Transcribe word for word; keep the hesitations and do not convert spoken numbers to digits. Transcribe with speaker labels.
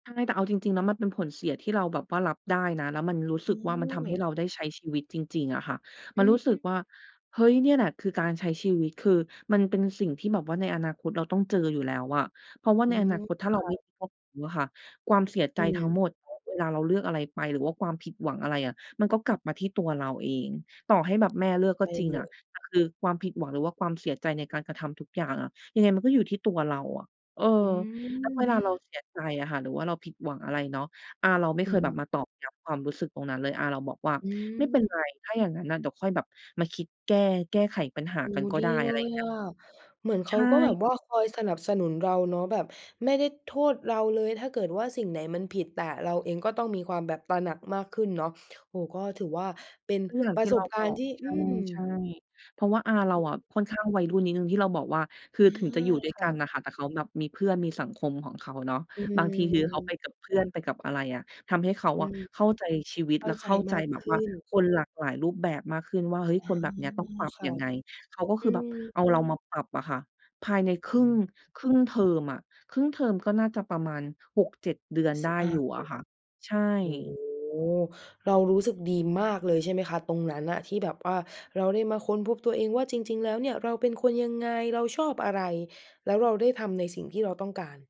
Speaker 1: ใช่ แต่เอาจริง ๆ แล้วมันเป็นผลเสียที่เราแบบว่ารับได้นะ แล้วมันรู้สึกว่ามันทำให้
Speaker 2: เออ
Speaker 1: เราได้ใช้ชีวิตจริง ๆ อะค่ะ
Speaker 2: อ
Speaker 1: มัน
Speaker 2: ื
Speaker 1: รู้สึก
Speaker 2: ม
Speaker 1: ว่า "เฮ้ย เนี่ยแหละคือการใช้ชีวิต" คือมันเป็นสิ่งที่แบบว่าในอนาคตเราต้องเจออยู่แล้วอะ เพราะว่า
Speaker 2: อ
Speaker 1: ใ
Speaker 2: ื
Speaker 1: นอน
Speaker 2: ม
Speaker 1: าคตถ
Speaker 2: ค
Speaker 1: ้าเรา
Speaker 2: ่
Speaker 1: ไม่ [unintelligible]
Speaker 2: ะ
Speaker 1: รู้อะค่ะ ความเสียใ
Speaker 2: อ
Speaker 1: จ
Speaker 2: ื
Speaker 1: ทั้ง
Speaker 2: ม
Speaker 1: หมด เวลาเราเลือกอะไรไป หรือว่าความผิดหวังอะไรอะ มันก็กลับมาที่ตัวเราเอง ต่อให้แบบแม่เลือก
Speaker 2: ใช
Speaker 1: ก็
Speaker 2: ่
Speaker 1: จริง
Speaker 2: เล
Speaker 1: อะ
Speaker 2: ย
Speaker 1: แต่คือความผิดหวัง หรือว่าความเสียใจในการกระทำทุกอย่างอะ ยังไงมันก็อยู่ที่ตัวเราอะ เออ
Speaker 2: อื
Speaker 1: แล้วเวลาเรา
Speaker 2: ม
Speaker 1: เสียใจอะค่ะ หรือว่าเราผิดหวังอะไรเนาะ อาเราไม่
Speaker 2: อ
Speaker 1: เ
Speaker 2: ื
Speaker 1: คยแบบ
Speaker 2: ม
Speaker 1: มาตอกย้ำความรู้สึกตรงนั้นเลย อาเราบอกว่า
Speaker 2: อื
Speaker 1: "ไม่เป็น
Speaker 2: ม
Speaker 1: ไร ถ้าอย่างนั้นน่ะ เดี๋ยวค่อยแบบมาคิดแก้ แก้ไขปัญหา
Speaker 2: โอ้
Speaker 1: กันก็
Speaker 2: ดี
Speaker 1: ได้"
Speaker 2: เ
Speaker 1: อ
Speaker 2: ล
Speaker 1: ะไรอย่
Speaker 2: ย
Speaker 1: างเงี้
Speaker 2: อ
Speaker 1: ย
Speaker 2: ะ เหมือนเ
Speaker 1: ใ
Speaker 2: ค
Speaker 1: ช
Speaker 2: ้าก็แบ
Speaker 1: ่
Speaker 2: บว่าคอยสนับสนุนเราเนาะ แบบไม่ได้โทษเราเลย ถ้าเกิดว่าสิ่งไหนมันผิด แต่เราเองก็ต้องมีความแบบตระหนักมากขึ้นเนาะ โอ้โฮ ก็ถือว่าเป็น
Speaker 1: ก็อย่าง
Speaker 2: ปร
Speaker 1: ท
Speaker 2: ะ
Speaker 1: ี่
Speaker 2: ส
Speaker 1: เรา
Speaker 2: บกา
Speaker 1: บ
Speaker 2: รณ
Speaker 1: อ
Speaker 2: ์
Speaker 1: ก
Speaker 2: ที่ อืม
Speaker 1: ใช่ ๆ เพราะว่าอาเรา
Speaker 2: อื
Speaker 1: อ
Speaker 2: อ
Speaker 1: ะค่อนข้างวัยรุ่นนิดหนึ่ง ที่เราบอกว่า คื
Speaker 2: เอ
Speaker 1: อ
Speaker 2: อ
Speaker 1: ถึงจะอยู่ด้ว
Speaker 2: ค
Speaker 1: ยก
Speaker 2: ่
Speaker 1: ั
Speaker 2: ะ
Speaker 1: นน่ะค่ะ แต่เขาแบบมีเพื่อน มีสังคมของเขาเนาะ
Speaker 2: อื
Speaker 1: บางทีคือเขาไป
Speaker 2: ม
Speaker 1: กับเพื่อน ไปกับอะไรอะ ทำให้เขา
Speaker 2: อื
Speaker 1: อะ
Speaker 2: ม
Speaker 1: เข้าใจชีวิต
Speaker 2: เข้
Speaker 1: แล
Speaker 2: า
Speaker 1: ะ
Speaker 2: ใจ
Speaker 1: เข้าใ
Speaker 2: ม
Speaker 1: จ
Speaker 2: าก
Speaker 1: แบ
Speaker 2: ข
Speaker 1: บ
Speaker 2: ึ
Speaker 1: ว
Speaker 2: ้
Speaker 1: ่า
Speaker 2: น
Speaker 1: คนหลากหลายรูปแบบมากขึ้นว่า "เฮ้ย
Speaker 2: อ๋อ
Speaker 1: คนแบบเนี้ยต้องปรับ
Speaker 2: ค่
Speaker 1: ย
Speaker 2: ะ
Speaker 1: ังไง?" เขาก็
Speaker 2: อ
Speaker 1: ค
Speaker 2: ื
Speaker 1: ือแบบ
Speaker 2: ม
Speaker 1: เอาเรามาปรับอะค่ะ ภายในคร
Speaker 2: อ
Speaker 1: ึ่
Speaker 2: ื
Speaker 1: ง
Speaker 2: ม
Speaker 1: ครึ่งเทอมอะ ครึ่งเทอมก็น่าจะประมาณ หกเจ็ด เดือน
Speaker 2: ส
Speaker 1: ได้
Speaker 2: อา
Speaker 1: อยู่อะค่ะ ใช่
Speaker 2: โอ้โฮ เรารู้สึกดีมากเลยใช่ไหมคะตรงนั้นน่ะ ที่แบบว่าเราได้มาค้นพบตัวเองว่าจริง ๆ แล้วเนี่ย เราเป็นคนยังไง เราชอบอะไร แล้วเราได้ทำในสิ่งที่เราต้องการ